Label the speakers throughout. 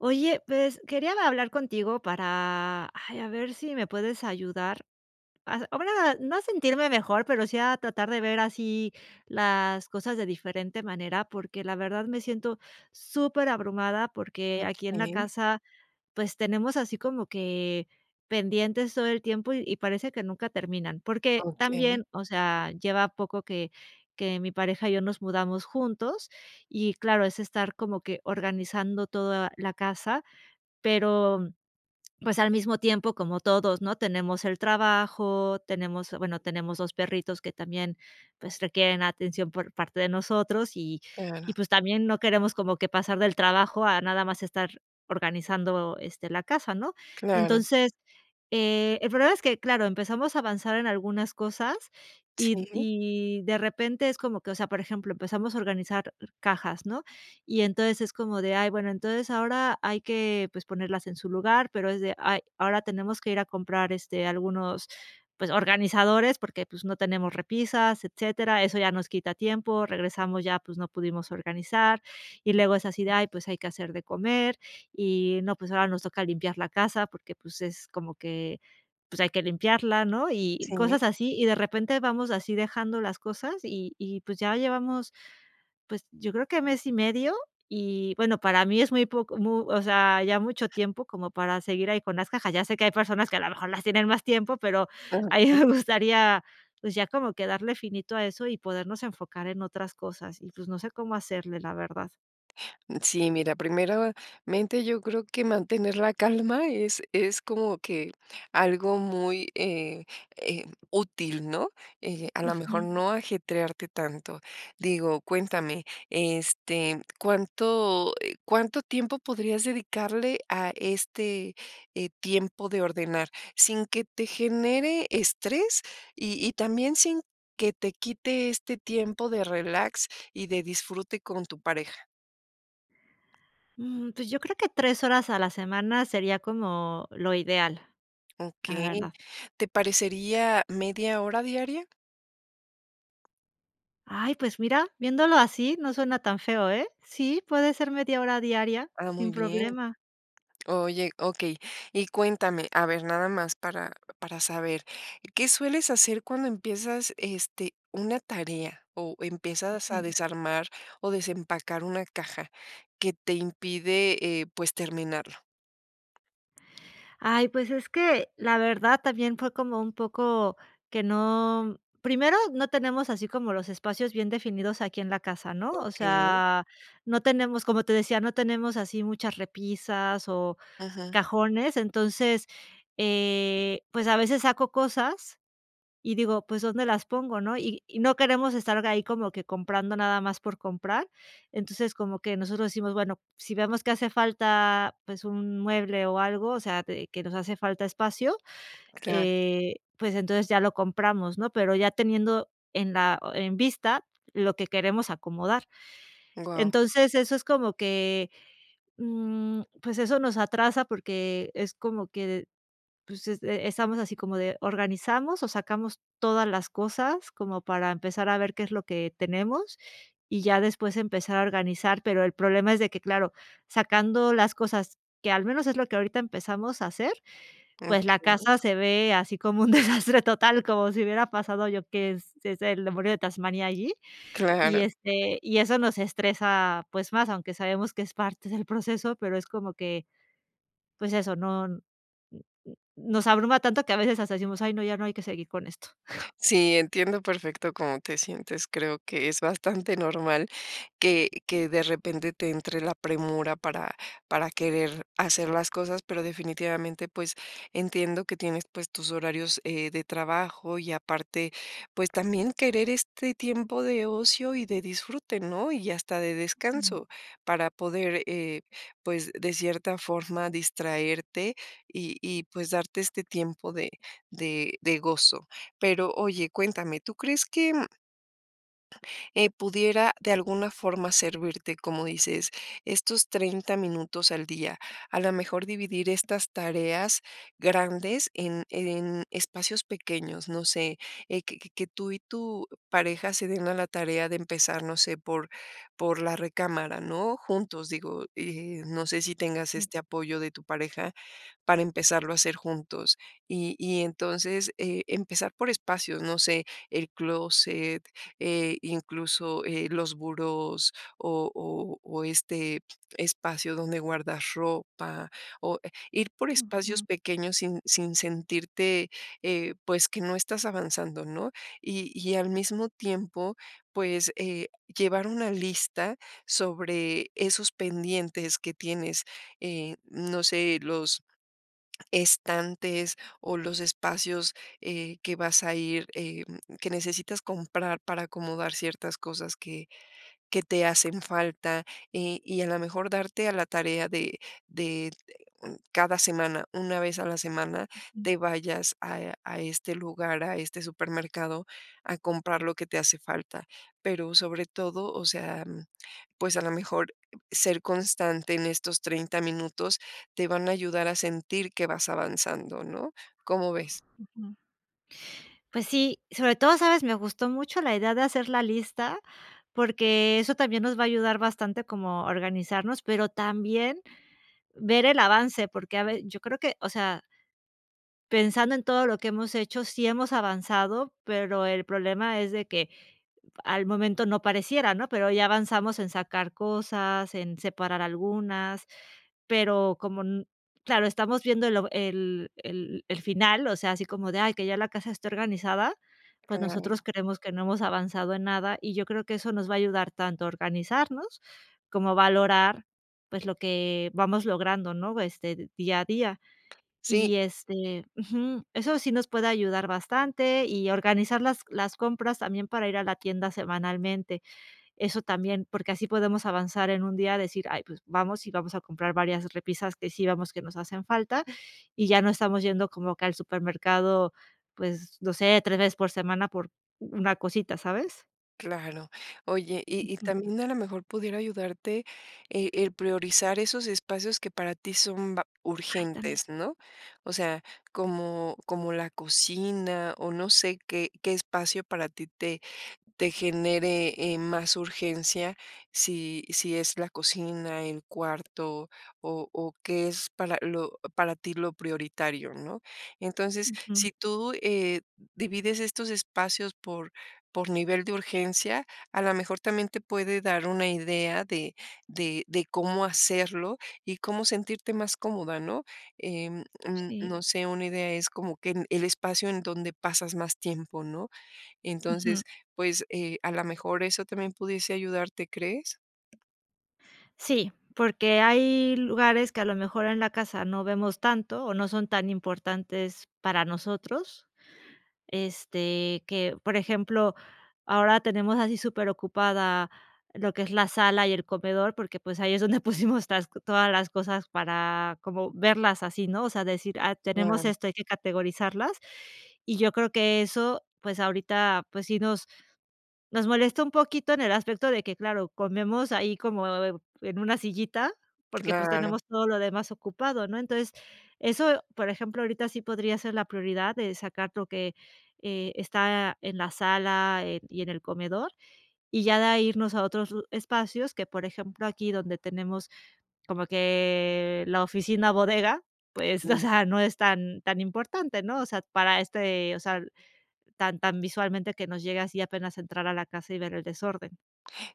Speaker 1: Oye, pues quería hablar contigo para, ay, a ver si me puedes ayudar, [unintelligible] no a sentirme mejor, pero sí a tratar de ver así las cosas de diferente manera, porque la verdad me siento super abrumada porque aquí en la
Speaker 2: Okey.
Speaker 1: casa, pues tenemos así como que pendientes todo el tiempo y parece que nunca terminan. Porque
Speaker 2: Okey.
Speaker 1: también, o sea, lleva poco que que mi pareja y yo nos mudamos juntos y claro, es estar como que organizando todo la casa. Pero, pues, al mismo tiempo, como todos, ¿no?, tenemos el trabajo, tenemos, bueno, tenemos 2 perritos que también, pues requieren atención por parte de nosotros y y
Speaker 2: Claro.
Speaker 1: pues también no queremos como que pasar del trabajo a nada más estar organizando, este, la casa, ¿no?
Speaker 2: Claro.
Speaker 1: Entonces, eh, el problema es que, claro, empezamos a avanzar en algunas cosas y
Speaker 2: Sí.
Speaker 1: y de repente es como que, o sea, por ejemplo, empezamos a organizar cajas, ¿no? Y entonces es como de: "Ay, bueno, entonces ahora hay que, pues ponerlas en su lugar", pero es de: "Ay, ahora tenemos que ir a comprar, este, algunos, pues organizadores, porque, pues no tenemos repisas", etcétera. Eso ya nos quita tiempo, regresamos ya, pues no pudimos organizar. Y luego es así de: "Ay, pues hay que hacer de comer y no, pues ahora nos toca limpiar la casa porque, pues es como que, pues hay que limpiarla", ¿no?, y
Speaker 2: Si.
Speaker 1: cosas así. Y de repente, vamos así dejando las cosas y y pues ya llevamos, pues yo creo que mes y medio y bueno, para mí es muy poco mu o sea, ya mucho tiempo como para seguir ahí con las cajas. Ya sé que hay personas que a lo mejor las tienen más tiempo, pero
Speaker 2: Ah,
Speaker 1: a mi
Speaker 2: okey.
Speaker 1: me gustaría, pues ya como que darle finito a eso y podernos enfocar en otras cosas. Y pues no sé cómo hacerle, la verdad.
Speaker 2: Sí, mira, primeramente, yo creo que mantener la calma es es como que algo muy, eh eh, útil, ¿no? Eh, a lo mejor
Speaker 1: Ujú.
Speaker 2: no ajetrearte tanto. Digo, cuéntame, este, ¿cuánto, eh, cuánto tiempo podrías dedicarle a este, eh, tiempo de ordenar, sin que te genere estrés, y y, también sin que te quite este tiempo de relax y de disfrute con tu pareja?
Speaker 1: Mm, pues yo creo que 3 horas a la semana sería como lo ideal, la
Speaker 2: Okey,
Speaker 1: verdad.
Speaker 2: ¿te parecería media hora diaria?
Speaker 1: Ay, pues mira, viéndolo así no suena tan feo, ¿eh?, sí, puede ser media hora diaria
Speaker 2: Ah,
Speaker 1: sin
Speaker 2: muy bien.
Speaker 1: problema.
Speaker 2: Oye, okey, y cuéntame, a ver, nada más para para saber, ¿qué sueles hacer cuando empiezas, este, una tarea o empiezas a
Speaker 1: Ujú.
Speaker 2: desarmar o desempacar una caja que te impide, eh, pues, terminarlo?
Speaker 1: Ay, pues es que la verdad también fue como un poco que no Primero, no tenemos así como los espacios bien definidos aquí en la casa, ¿no? O
Speaker 2: Okey.
Speaker 1: sea, no tenemos Como te decía, no tenemos así muchas repisas o
Speaker 2: Ajá.
Speaker 1: cajones, entonces, eh, pues a veces saco cosas y digo: "Pues, ¿dónde las pongo", ¿no? Y y no queremos estar ahí como que comprando nada más por comprar. Entonces, como que nosotros decimos: "Bueno, si vemos que hace falta, pues un mueble o algo, o sea, t que nos hace falta espacio",
Speaker 2: Claro.
Speaker 1: eh, pues entonces ya lo compramos, ¿no? Pero ya teniendo en la e en vista lo que queremos acomodar,
Speaker 2: Guau.
Speaker 1: entonces, eso es como que, mm, pues eso nos atrasa porque es como que, d pues es e estamos así como de: organizamos o sacamos todas las cosas como para empezar a ver qué es lo que tenemos y ya después empezar a organizar. Pero el problema es de que, claro, sacando las cosas, que al menos es lo que ahorita empezamos a hacer, pues
Speaker 2: Okey.
Speaker 1: la casa se ve así como un desastre total, como si hubiera pasado yo que s es el demonio de Tasmania allí, y,
Speaker 2: Claro.
Speaker 1: este, y eso nos estresa, pues más, aunque sabemos que es parte del proceso, pero es como que, pues eso, no n n nos abruma tanto que a veces hasta decimos: "Ay, no, ya no hay que seguir con esto".
Speaker 2: Sí, entiendo perfecto cómo te sientes. Creo que es bastante normal que que de repente te entre la premura para para querer hacer las cosas, pero definitivamente, pues, entiendo que tienes, pues, tus horarios, eh, de trabajo y aparte, pues, también querer este tiempo de ocio y de disfrute, ¿no? Y hasta de
Speaker 1: Ujú.
Speaker 2: descanso para poder, eh, pues, de cierta forma distraerte y y pues darte este tiempo de de de gozo. Pero, oye, cuéntame, ¿tú crees que? eh, ¿pudiera de alguna forma servirte como dices, estos 30 minutos al día? A la mejor dividir estas tareas grandes en en espacios pequeños. No sé, eh, que que que tú y tu pareja se den a la tarea de empezar, no sé, por por la recámara, ¿no? Juntos, digo, eh, no sé si tengas
Speaker 1: Sí.
Speaker 2: este apoyo de tu pareja para empezarlo a hacer juntos. Y y, entonces, eh, empezar por espacios, no sé, el clóset, eh, incluso, eh, los burós o o o este espacio donde guardas ropa o e ir por espacios
Speaker 1: Ujú.
Speaker 2: pequeños sin sin sentirte, eh, pues, que no estás avanzando, ¿no? Y y, al mismo tiempo, pues, eh, llevar una lista sobre esos pendientes que tienes, eh, no sé, los estantes o los espacios, eh, que vas a ir, eh, mm, que necesitas comprar para acomodar ciertas cosas que que te hacen falta, eh, y, a la mejor darte a la tarea de de cada semana, 1 vez a la semana,
Speaker 1: Ujú.
Speaker 2: te vayas a e a este lugar, a este supermercado a comprar lo que te hace falta. Pero sobre todo, o sea, mm, pues a lo mejor ser constante en estos 30 minutos te van a ayudar a sentir que vas avanzando, ¿no? ¿Cómo ves?
Speaker 1: Ujú. Pues sí, sobre todo, ¿sabes? Me gustó mucho la idea de hacer la lista, porque eso también nos va a ayudar bastante como a organizarnos, pero también ver el avance, porque, a ve Yo creo que, o sea pensando en todo lo que hemos hecho, sí hemos avanzado, pero el problema es de que al momento no pareciera, ¿no?, pero ya avanzamos en sacar cosas, en separar algunas, pero, como n claro, estamos viendo el o el el el final, o sea, así como de: "Ay, que ya la casa esté organizada", pues nosotros
Speaker 2: Claro.
Speaker 1: creemos que no hemos avanzado en nada y yo creo que eso nos va a ayudar tanto a organizarnos como a valorar, pues, lo que vamos logrando, ¿no? Este, día a día. Y
Speaker 2: Sí.
Speaker 1: este, ujú, eso sí nos puede ayudar bastante y organizar las las compras también para ir a la tienda semanalmente. Eso también, porque así podemos avanzar, en un día decir: "Ay, pues vamos y vamos a comprar varias repisas que sí veamos que nos hacen falta", y ya no estamos yendo como que al supermercado, pues no sé, tres veces por semana por una cosita, ¿sabes?
Speaker 2: Claro. Oye, y y,
Speaker 1: Ujú.
Speaker 2: también a lo mejor pudiera ayudarte, eh, el priorizar esos espacios que para ti son va
Speaker 1: Ay, también.
Speaker 2: urgentes, ¿no? O sea, como como la cocina, o no sé qué qué espacio para ti te te genere, eh, más urgencia. Si si es la cocina, el cuarto, o o, qué es para lo para ti lo prioritario, ¿no? Entonces,
Speaker 1: Ujú.
Speaker 2: si tú, eh, divides estos espacios por por nivel de urgencia, a la mejor también te puede dar una idea de de de cómo hacerlo y cómo sentirte más cómoda, ¿no? Em, mm,
Speaker 1: Sí.
Speaker 2: no sé, una idea es como que el espacio en donde pasas más tiempo, ¿no?
Speaker 1: Ujú.
Speaker 2: Entonces, pues, eh, a la mejor eso también pudiese ayudarte, ¿crees?
Speaker 1: Sí, porque hay lugares que a lo mejor en la casa no vemos tanto o no son tan importantes para nosotros, este, que, por ejemplo, ahora tenemos así superocupada lo que es la sala y el comedor, porque, pues, ahí es donde pusimos las todas las cosas para como verlas así, ¿no? O sea, decir: "Ah, tenemos
Speaker 2: Claro.
Speaker 1: esto, hay que categorizarlas". Y yo creo que eso, pues ahorita, pues sí nos nos molesta un poquito en el aspecto de que, claro, comemos ahí como en en una sillita porque, pues,
Speaker 2: Claro.
Speaker 1: tenemos todo lo demás ocupado, ¿no? Entonces eso, por ejemplo, ahorita sí podría ser la prioridad de sacar lo que, eh, está en la sala, eh, y en el comedor, y ya de ahí irnos a otros lu espacios que, por ejemplo, aquí donde tenemos, como que la oficina bodega, pues, o
Speaker 2: [unintelligible]
Speaker 1: sea, no es tan tan importante, ¿no? O sea, para este, o sea, tan, tan visualmente que nos llega así apenas entrar a la casa y ver el desorden.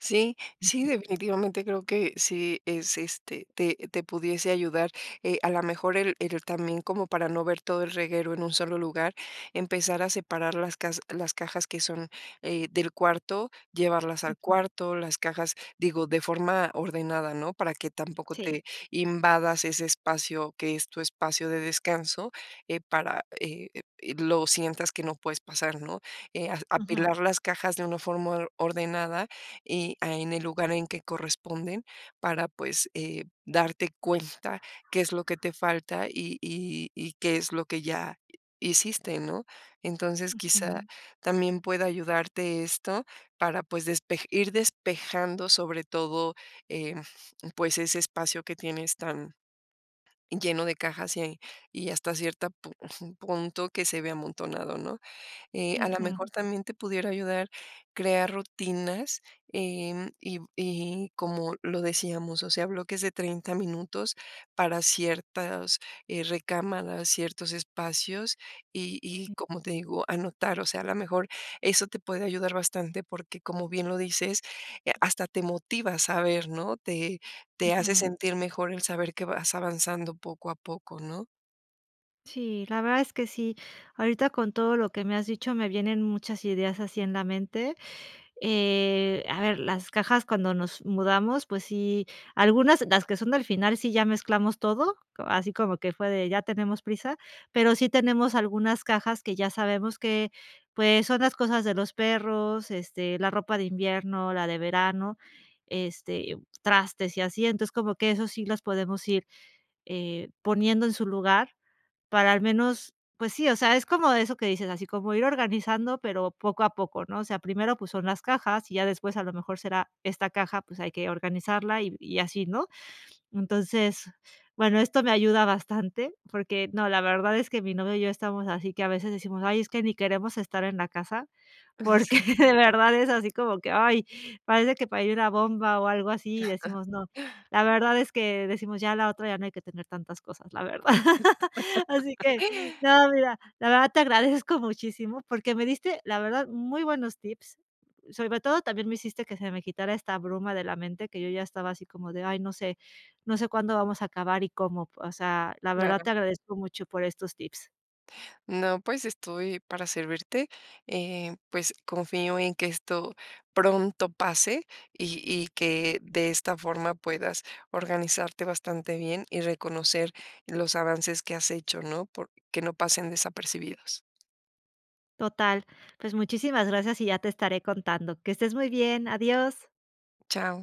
Speaker 2: Sí, sí,
Speaker 1: Ujú.
Speaker 2: definitivamente creo que sí es, este, te te pudiese ayudar, eh, a la mejor el el también como para no ver todo el reguero en un solo lugar, empezar a separar las cas las cajas que son, eh, del cuarto, llevarlas al
Speaker 1: Ujú.
Speaker 2: cuarto, las cajas digo, de forma ordenada, ¿no? Para que tampoco
Speaker 1: Sí.
Speaker 2: te invadas ese espacio, que es tu espacio de descanso, eh, para, eh, em, lo sientas que no puedes pasar, ¿no? Eh, ah,
Speaker 1: Ujú.
Speaker 2: apilar las cajas de una forma or ordenada y a en el lugar en que corresponden para, pues, eh, darte cuenta qué es lo que te falta y y y qué es lo que ya hiciste, ¿no? Entonces, quizá
Speaker 1: Ujú.
Speaker 2: también pueda ayudarte esto para, pues, despe ir despejando sobre todo, eh pues, ese espacio que tienes tan lleno de cajas y y hasta cierta pa punto que se vea amontonado, ¿no? Eh, a la mejor
Speaker 1: Ujú.
Speaker 2: también te pudiera ayudar crear rutinas, eh, mm, y y como lo decíamos, o sea, bloques de 30 minutos para ciertas, eh, recámaras, ciertos espacios, y y
Speaker 1: Sí.
Speaker 2: como te digo, anotar, o sea, a lo mejor eso te puede ayudar bastante porque, como bien lo dices, eh, hasta te motiva a saber, ¿no? Te te hace
Speaker 1: Ujú.
Speaker 2: sentir mejor el saber que vas avanzando poco a poco, ¿no?
Speaker 1: Sí, la verdad es que sí. Ahorita, con todo lo que me has dicho, me vienen muchas ideas, así en la mente. Eh, a ver, las cajas cuando nos mudamos, pues sí, algunas, las que son del final, sí ya mezclamos todo, o así como que fue de: "Ya tenemos prisa". Pero sí tenemos algunas cajas, que ya sabemos que, pues, son las cosas de los perros, este, la ropa de invierno, la de verano, este, trastes y así, entonces, como que eso sí, los podemos ir, eh, poniendo en su lugar, para al menos Pues sí, o sea, es como eso que dices, así como ir organizando, pero poco a poco, ¿no? O sea, primero, pues son las cajas, y ya después, a lo mejor, será esta caja, pues hay que organizarla, y y así, ¿no? Entonces, bueno, esto me ayuda bastante, porque No, la verdad es que mi novio y yo estamos así que a veces decimos: "Ay, es que ni queremos estar en la casa".
Speaker 2: Ah, sí.
Speaker 1: porque de verdad, es así, como que: "Ay, parece que parí una bomba", o algo así, y decimos, no. La verdad es que decimos: "Ya a la otra, ya no hay que tener tantas cosas", la verdad Así que No, mira, la verdad, te agradezco muchísimo. Porque me diste, la verdad, muy buenos tips. Sobre todo, también me hiciste que se me quitara esta bruma de la mente, que yo ya estaba así, como de: "Ay, no sé. No sé cuándo vamos a acabar y cómo". O sea, la verdad,
Speaker 2: Claro.
Speaker 1: te agradezco mucho por estos tips.
Speaker 2: No, pues, estoy para servirte, eh, pues, confío, en que esto pronto pase. Y y que de esta forma puedas organizarte bastante bien, y reconocer los avances que has hecho, ¿no? Por Que no pasen desapercibidos.
Speaker 1: Total. Pues muchísimas gracias, y ya te estaré contando. Que estés muy bien. Adiós.
Speaker 2: Chao.